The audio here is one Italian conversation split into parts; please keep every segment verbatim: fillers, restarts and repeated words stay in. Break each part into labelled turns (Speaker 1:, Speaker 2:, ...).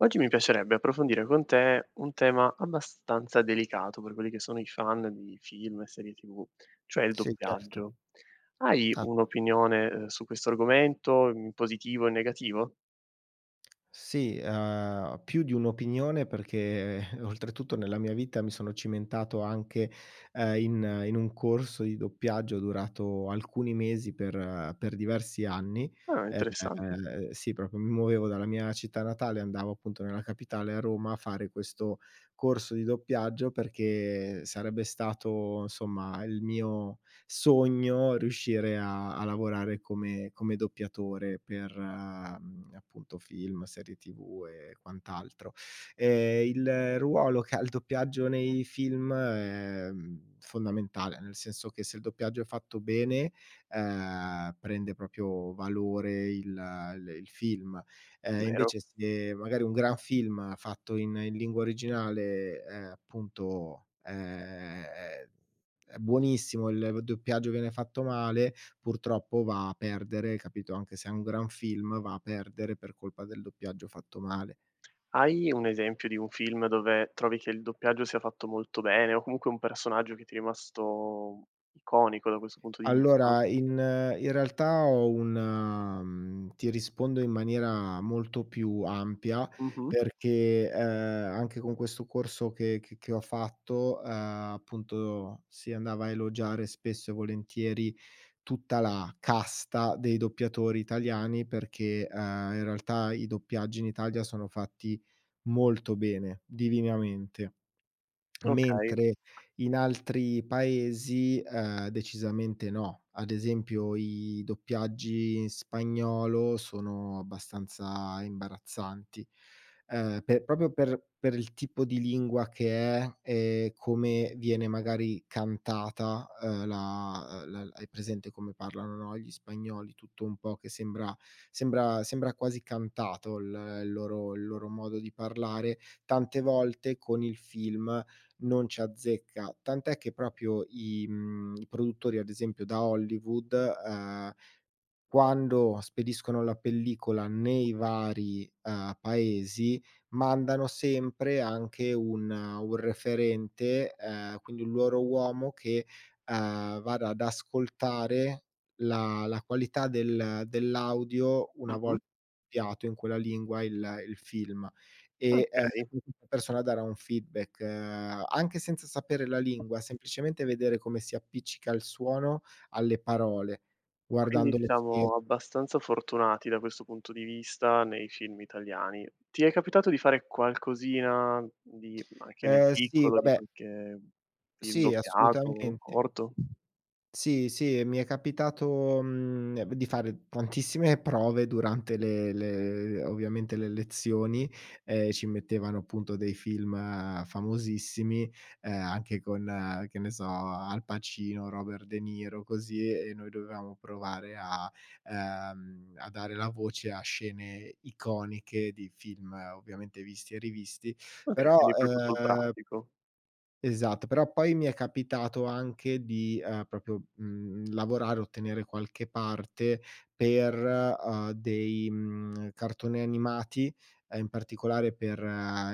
Speaker 1: Oggi mi piacerebbe approfondire con te un tema abbastanza delicato per quelli che sono i fan di film e serie tv, cioè il
Speaker 2: Sì, certo.
Speaker 1: doppiaggio. Hai
Speaker 2: Ah.
Speaker 1: un'opinione, uhm, su questo argomento, in positivo o in negativo?
Speaker 2: Sì, uhm, più di un'opinione perché oltretutto nella mia vita mi sono cimentato anche, ehm, in in un corso di doppiaggio durato alcuni mesi per per diversi anni,
Speaker 1: Ah, interessante.
Speaker 2: ehm, sì, propio mi muovevo dalla mia città natale, andavo appunto nella capitale, a Roma, a fare questo corso di doppiaggio, perché sarebbe stato somma il mio sogno riuscire a a lavorare come come doppiatore per, mhmm, appunto, film, serie tv e quant'altro. Ehm, il ruolo che ha il doppiaggio nei film è, mhmm, fondamentale, nel senso che se il doppiaggio è fatto bene, ehm, prende propio valore il l il film. Ehm,
Speaker 1: Vero.
Speaker 2: invece se magari un gran film, fatto in in lingua originale è appunto ehm, è buonissimo, il doppiaggio, viene fatto male, purtroppo va a perdere, capito, anche se è un gran film, va a perdere per colpa del doppiaggio fatto male.
Speaker 1: Hai un esempio di un film dove trovi che il doppiaggio sia fatto molto bene o comunque un personaggio che ti è rimasto iconico da questo punto di vista?
Speaker 2: Allora. in in realtà ho una, mhmm ti rispondo in maniera molto più ampia
Speaker 1: Mh-mh.
Speaker 2: perché, ehm, anche con questo corso che che che ho fatto, ehm, appunto si andava a elogiare spesso e volentieri tutta la casta dei doppiatori italiani, perché, ehm, in realtà i doppiaggi in Italia sono fatti molto bene, divinamente.
Speaker 1: Okay.
Speaker 2: Mentre in altri paesi, ehm, decisamente no. Ad esempio i doppiaggi in spagnolo sono abbastanza imbarazzanti. Ehm, pe propio per per il tipo di lingua che è, e come viene magari cantata, ehm, la uhm, l hai presente come parlano no, gli spagnoli, tutto un po' che sembra sembra sembra quasi cantato l il loro il loro modo di parlare. Tante volte con il film non ci azzecca, tant'è che propio i, mhmm, i produttori, ad esempio da Hollywood, uhm, quando spediscono la pellicola nei vari, uhm, paesi mandano sempre anche un un referente, ehm, quindi un loro uomo che, uhm, vada ad ascoltare la la qualità del dell'audio una vol
Speaker 1: Mh-mh.
Speaker 2: piato in quella lingua il il film. E, ehm,
Speaker 1: Okay.
Speaker 2: [unintelligible] persona darà un feedback, ehm, anche senza sapere la lingua, semplicemente vedere come si appiccica il suono alle parole,
Speaker 1: Quindi
Speaker 2: guardando lo scher
Speaker 1: siamo abbastanza fortunati da questo punto di vista nei film italiani. Ti è capitato di fare qualcosina di anche nel
Speaker 2: Eh sì,
Speaker 1: piccolo, di
Speaker 2: vabbè
Speaker 1: qualche film
Speaker 2: Sì
Speaker 1: doppiato,
Speaker 2: assolutamente.
Speaker 1: corto?
Speaker 2: Sì, sì, mi è capitato, mhmm, ne di fare tantissime prove durante le le ovviamente, le lezioni. Ehm, ci mettevano appunto dei film famosissimi, uhm, anche con, che ne so, Al Pacino, Robert De Niro, così e noi dovevamo provare a, ehm, a dare la voce a scene iconiche di film, ovviamente visti e rivisti
Speaker 1: Okay,
Speaker 2: però,
Speaker 1: quindi propio sul
Speaker 2: ehm
Speaker 1: pratico.
Speaker 2: Esatto, però poi mi è capitato anche di, ehm, propio, mhmm, lavorare, ottenere qualche parte per, uhm, dei mhmm, cartoni animati, ehm, in particolare per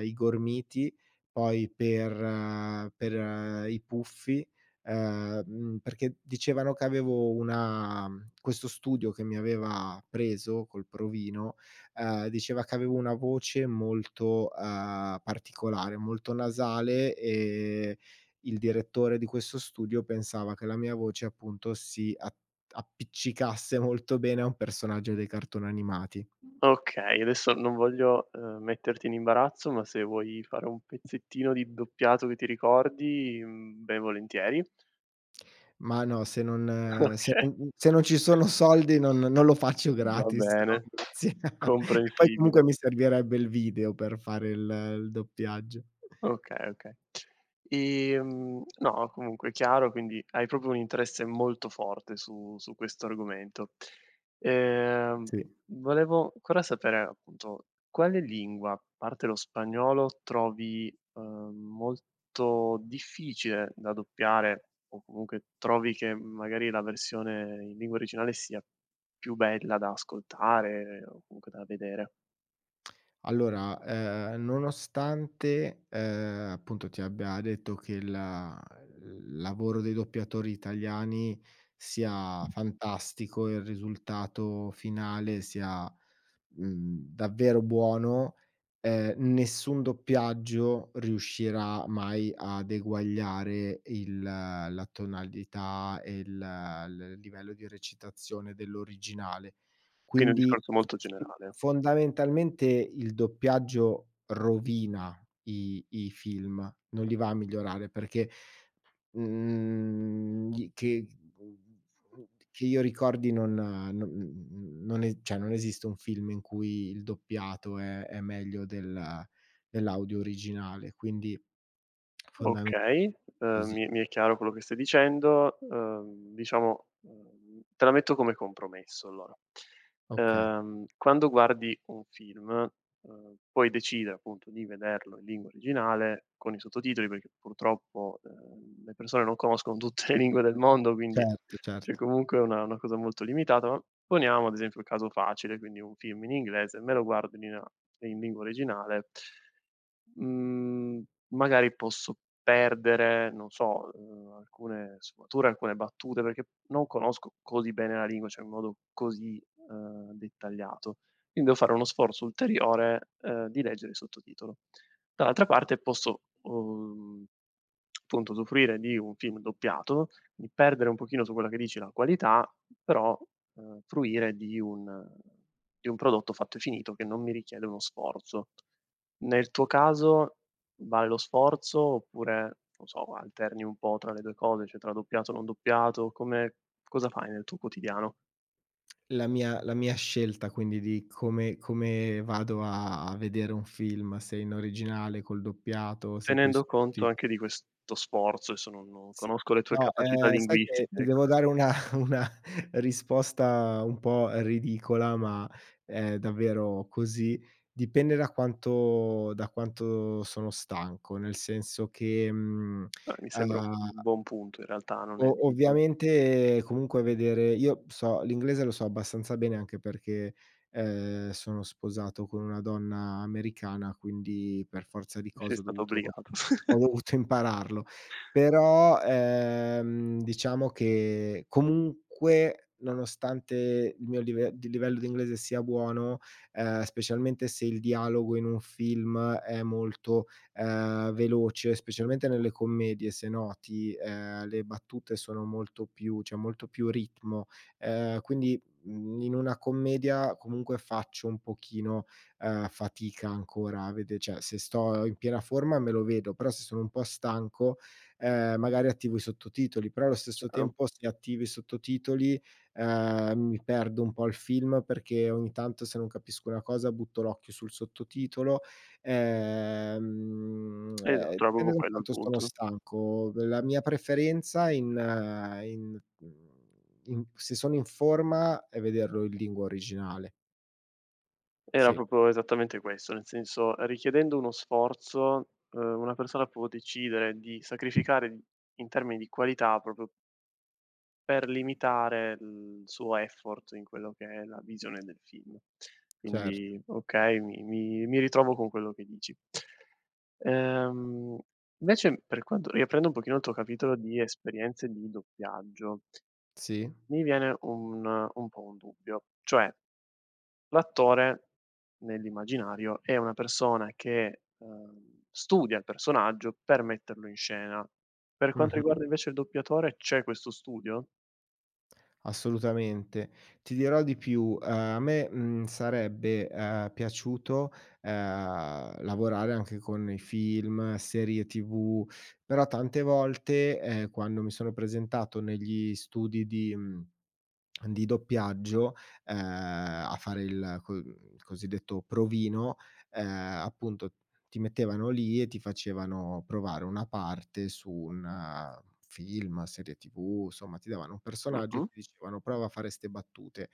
Speaker 2: i Gormiti, poi per per i Puffi ehm, mhmm, perché dicevano che avevo una mhmm, questo studio che mi aveva preso col provino, ehm, diceva che avevo una voce molto, ehm, particolare, molto nasale e il direttore di questo studio pensava che la mia voce appunto si a appiccicasse molto bene a un personaggio dei cartoni animati.
Speaker 1: Okay, adesso non voglio, ehm, metterti in imbarazzo, ma se vuoi fare un pezzettino di doppiato che ti ricordi, mhmm, ben volentieri.
Speaker 2: Ma no, se non se
Speaker 1: Okay.
Speaker 2: non se non ci sono soldi non non lo faccio
Speaker 1: Va
Speaker 2: gratis. No
Speaker 1: bene.
Speaker 2: grazie. E poi
Speaker 1: Comprensibile.
Speaker 2: comunque mi servirebbe il video per fare il il doppiaggio.
Speaker 1: Okay, okay. Ehm no, comunque è chiaro, quindi hai propio un interesse molto forte su su questo argomento. Ehm,
Speaker 2: Sì.
Speaker 1: volevo cora sapere, appunto, quale lingua, parte lo spagnolo, trovi, uhm, molto difficile da doppiare o comunque trovi che magari la versione in lingua originale sia più bella da ascoltare o comunque da vedere?
Speaker 2: Allora, ehm, nonostante, uhm, appunto, ti abbia detto che il l lavoro dei doppiatori italiani sia fantastico, il risultato finale sia, mhmm, davvero buono, ehm, nessun doppiaggio riuscirà mai ad eguagliare il la tonalità, e il l livello di recitazione dell'originale.
Speaker 1: Quindi, un
Speaker 2: Quindi,
Speaker 1: discorso
Speaker 2: f
Speaker 1: molto
Speaker 2: f
Speaker 1: generale.
Speaker 2: fondamentalmente, il doppiaggio rovina i i film, non li va a migliorare perché, mhmm, gli che che io ricordi non no mhmm, non e ceh, non esiste un film in cui il doppiato è è meglio del dell'audio originale, quindi, fondame
Speaker 1: Okay, uhm,
Speaker 2: così.
Speaker 1: mi mi è chiaro quello che stai dicendo. Uhm, diciamo, uhm, te la metto come compromesso, allora.
Speaker 2: Okay.
Speaker 1: Uhm, quando guardi un film, uhm, puoi decide, appunto, di vederlo in lingua originale, con i sottotitoli, perché, purtroppo, uhm, le persone non conoscono tutte le lingue del mondo,
Speaker 2: Cet
Speaker 1: quindi, ceh
Speaker 2: certo.
Speaker 1: comunque una una cosa molto limitata. Ma, poniamo, ad esempio, un caso facile, quindi, un film in inglese, me lo guardo in nina in lingua originale mhmm, magari, posso perdere, non so, uhm, alcune sfumature, alcune battute, perché non conosco così bene la lingua, cioè in modo così, uhm, dettagliato. Quin devo fare uno sforzo ulteriore, uhm, di leggere il sottotitolo. Dall'altra parte, posso, uhm, punto, usufruire di un film doppiato, di perdere un pochino su quella che dici la qualità, però, uhm, fruire di un di un prodotto fatto e finito, che non mi richiede uno sforzo. Nel tuo caso vale lo sforzo, oppure, non so, alterni un po' tra le due cose, cioè tra doppiato o non doppiato, come cosa fai nel tuo quotidiano?
Speaker 2: La mia la mia scelta, quindi, di come come vado a a vedere un film, se in originale, col doppiato, se coi
Speaker 1: Tenendo conto
Speaker 2: sottotit
Speaker 1: anche di questo sforzo, esso, non non
Speaker 2: Sì.
Speaker 1: conosco le tue
Speaker 2: No,
Speaker 1: capacità
Speaker 2: ehm, sai che
Speaker 1: linguistiche,
Speaker 2: ti
Speaker 1: ecco.
Speaker 2: devo dare una una risposta un po' ridicola, ma, è davvero così. Dipende da quanto da quanto sono stanco, nel senso che, mhmm,
Speaker 1: Eh, mi sembra un
Speaker 2: uhm
Speaker 1: buon punto, in realtà, non è
Speaker 2: O
Speaker 1: ridicolo.
Speaker 2: ovviamente, comunque, vedere io b so l'inglese lo so abbastanza bene, anche perché, uhm, sono sposato con una donna americana, quindi, per forza di
Speaker 1: Sei
Speaker 2: cose ho
Speaker 1: stato
Speaker 2: dovuto
Speaker 1: obbligato.
Speaker 2: ho dovuto impararlo. Però, ehm, diciamo, che, comunque, nonostante il mio live di livello di inglese sia buono, uhm, specialmente se il dialogo in un film è molto, uhm, veloce, specialmente nelle commedie, se noti, uhm, le battute sono molto più c'è molto più ritmo, uhm, quindi, mhmm, in una commedia, comunque, faccio un pochino, uhm, fatica ancora vede ceh, se sto in piena forma, me lo vedo, però se sono un po' stanco, uhm, magari attivo i sottotitoli, però allo stesso
Speaker 1: [unintelligible]
Speaker 2: tempo se attivi i sottotitoli, uhm, mi perdo un po' il film, perché ogni tanto se non capisco una cosa, butto l'occhio sul sottotitolo, ehm, uhm,
Speaker 1: Esatto, era
Speaker 2: pende
Speaker 1: bobo
Speaker 2: da
Speaker 1: quello il
Speaker 2: quanto stono
Speaker 1: punto.
Speaker 2: stanco. V la mia preferenza in in mhmm, in se sono in forma, è vederlo in lingua originale.
Speaker 1: Era
Speaker 2: Sì.
Speaker 1: propo esattamente questo, nel senso, richiedendo uno sforzo, uhm, una persona può decidere di sacrificare di in termini di qualità propo per limitare, l suo effort in quello che è la visione del film.
Speaker 2: Cert
Speaker 1: Quindi, okay, mi mi mi ritrovo con quello che dici. Uhm, vecem, per quanto riaprendo un pochino il tuo capitolo di esperienze di doppiaggio
Speaker 2: Sì.
Speaker 1: mi viene un un po' un dubbio. Cioè, l'attore, nell'immaginario, è una persona che, uhm, studia il personaggio, per metterlo in scena. Per quanto
Speaker 2: Mh-mh.
Speaker 1: riguarda, invece, il doppiatore, c'è questo studio?
Speaker 2: Assolutamente. Ti dirò di più: a me, mhmm, sarebbe, ehm, piaciuto, ehm, lavorare anche con i film, serie TV, però tante volte, ehm, quando mi sono presentato negli studi di mhmm, di doppiaggio, ehm, a fare il co mhmm, l cosiddetto provino, ehm, appunto ti mettevano lì e ti facevano provare una parte su un film, serie TV, somma, ti davano un personaggio e
Speaker 1: Mh-mh.
Speaker 2: ti dicevano: "Prova a fare ste battute."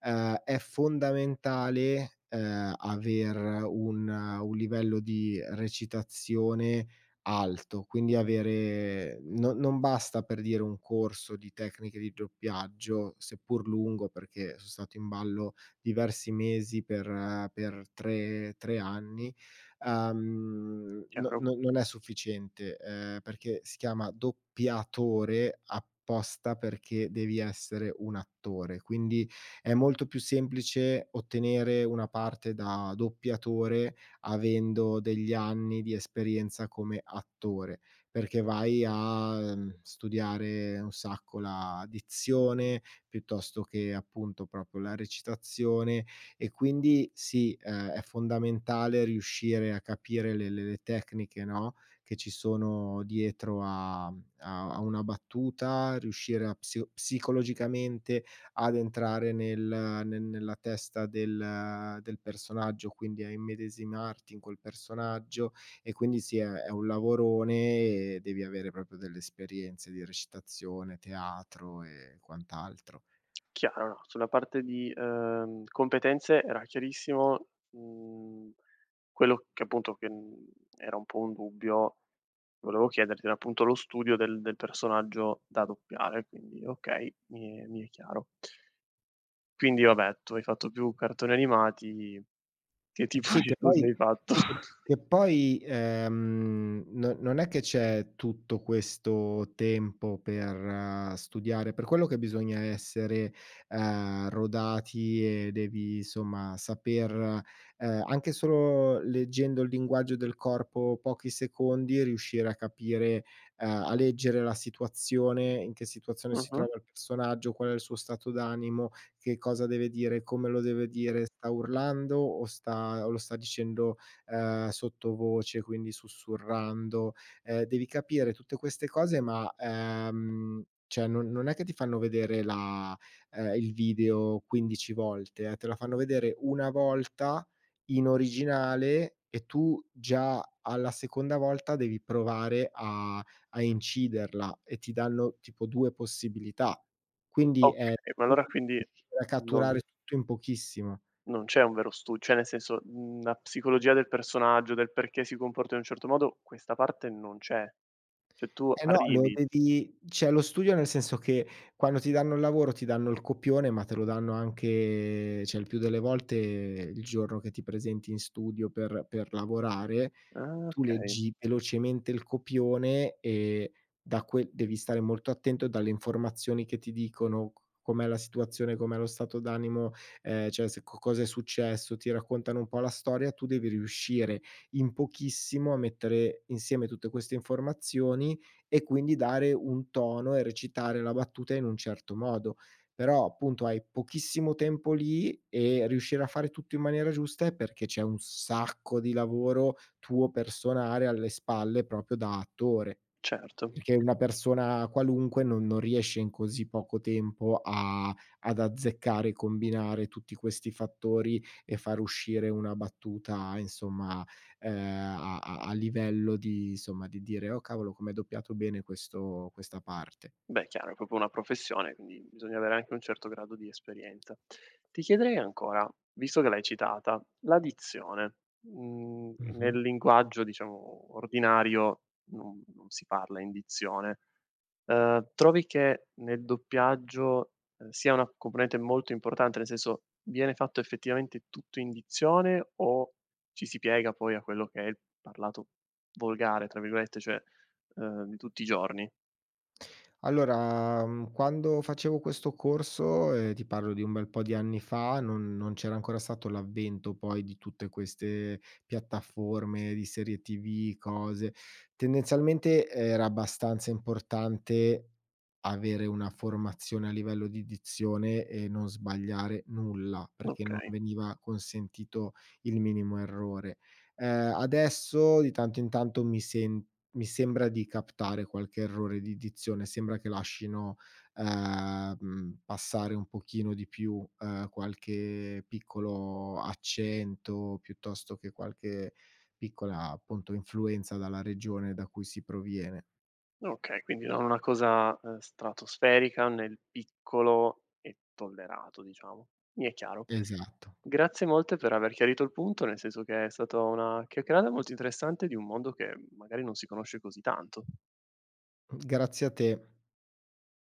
Speaker 2: Ehm, è fondamentale, ehm, aver un un livello di recitazione alto, quindi avere no non basta, per dire, un corso di tecniche di doppiaggio, seppur lungo, perché son stato in ballo diversi mesi per per tre tre anni; uhm, n n
Speaker 1: Chiaro.
Speaker 2: non è sufficiente, ehm, perché si chiama doppiatore apposta perché devi essere un attore. Quindi è molto più semplice ottenere una parte da doppiatore avendo degli anni di esperienza come attore, perché vai a, mhmm, studiare un sacco la dizione piuttosto che, appunto, propo la recitazione e quindi sì, è è fondamentale riuscire a capire le le le tecniche no, che ci sono dietro a mhmm, a a una battuta, riuscire a psio psicologicamente ad entrare nel ne nella testa del del personaggio, quindi a immedesimarti in quel personaggio e quindi sì, è è un lavorone e devi avere propio delle esperienze di recitazione, teatro e quant'altro.
Speaker 1: Chiaro, no, sulla parte di, ehm, competenze era chiarissimo, mhmm, quello che appunto che, mhmm, era un po' un dubbio volevo chiederti, era appunto lo studio del del personaggio da doppiare, quindi okay, mi è mi è chiaro. Quindi vabbè tu hai fatto più cartoni animati, che tipo
Speaker 2: Sì,
Speaker 1: di
Speaker 2: che
Speaker 1: studi
Speaker 2: poi
Speaker 1: hai fatto?
Speaker 2: sì che che poi, ehm, no non è che c'è tutto questo tempo per studiare, è per quello che bisogna essere, ehm, rodati e devi, insomma, saper, ehm, anche solo leggendo il linguaggio del corpo pochi secondi, riuscire a capire, ehm a leggere la situazione, in che situazione si
Speaker 1: Mh-mh.
Speaker 2: trova il personaggio, qual è il suo stato d'animo, che cosa deve dire, come lo deve dire, sta urlando o sta o lo sta dicendo, ehm, sottovoce, quindi sussurrando. Ehm, devi capire tutte queste cose ma, ehm ceh non non è che ti fanno vedere la ehm, il video quindici volte, eh, te la fanno vedere una volta in originale e tu già alla seconda volta devi provare a a inciderla e ti danno tipo due possibilità. Quindi è
Speaker 1: Okay, ma allora
Speaker 2: [unintelligible]
Speaker 1: quindi
Speaker 2: re a
Speaker 1: non
Speaker 2: catturare tutto in pochissimo.
Speaker 1: non c'è un vero stu ceh nel senso, mhmm, la psicologia del personaggio, del perché si comporta in un certo modo, questa parte non c'è. ceh tu
Speaker 2: Eh no, lo
Speaker 1: arrivi
Speaker 2: devi ceh lo studio nel senso che quando ti danno il lavoro, ti danno il copione, ma te lo danno anche ceh il più delle volte il giorno che ti presenti in studio per per lavorare;
Speaker 1: Ah,
Speaker 2: tu
Speaker 1: okay.
Speaker 2: leggi velocemente il copione e da que devi stare molto attento dalle informazioni che ti dicono c com'è la situazione, com'è lo stato d'animo, ehm, ceh se co cosa è successo, ti raccontano un po' la storia, tu devi riuscire in pochissimo a mettere insieme tutte queste informazioni e quindi dare un tono e recitare la battuta in un certo modo. Però appunto hai pochissimo tempo lì e riuscire a fare tutto in maniera giusta è perché c'è un sacco di lavoro tuo, personale, alle spalle, propio da attore.
Speaker 1: Certo.
Speaker 2: Perché una persona qualunque non non riesce in così poco tempo a ad azzeccare, combinare tutti questi fattori e far uscire una battuta, insomma, ehm, a a a livello di insomma, di dire: "Oh cavolo, com'è doppiato bene questo questa parte."
Speaker 1: Beh chiaro, è propo una professione quindi bisogna avere anche un certo grado di esperienza. Ti chiederei ancora, visto che l'hai citata, la dizione. Mhmm,
Speaker 2: Mh-mh.
Speaker 1: nel linguaggio, diciamo, ordinario non non si parla in dizione. Uhm, trovi che nel doppiaggio, ehm, sia una componente molto importante, nel senso: viene fatto effettivamente tutto in dizione o ci si piega, poi, a quello che è il parlato volgare, tra virgolette, cioè, ehm, di tutti i giorni?
Speaker 2: Allora, mhmm, quando facevo questo corso e ti parlo di un bel po' di anni fa, non non c'era ancora stato l'avvento poi di tutte queste piattaforme di serie TV, cose. Tendenzialmente era abbastanza importante avere una formazione a livello di dizione e non sbagliare nulla perché non
Speaker 1: Okay.
Speaker 2: veniva consentito il minimo errore. Ehm, adesso, di tanto in tanto, mi sem mi sembra di captare qualche errore di dizione, sembra che lascino, ehm, passare un pochino di più, ehm, qualche piccolo accento, piuttosto che qualche piccola, appunto, influenza dalla regione da cui si proviene.
Speaker 1: Okay, quindi non una cosa, ehm, stratosferica nel piccolo è tollerato, diciamo. Mi è chiaro.
Speaker 2: Esatto.
Speaker 1: Grazie molte per aver chiarito il punto, nel senso che è stato una chiacchierada molto interessante di un mondo che magari non si conosce così tanto.
Speaker 2: Mhmm, grazie a te.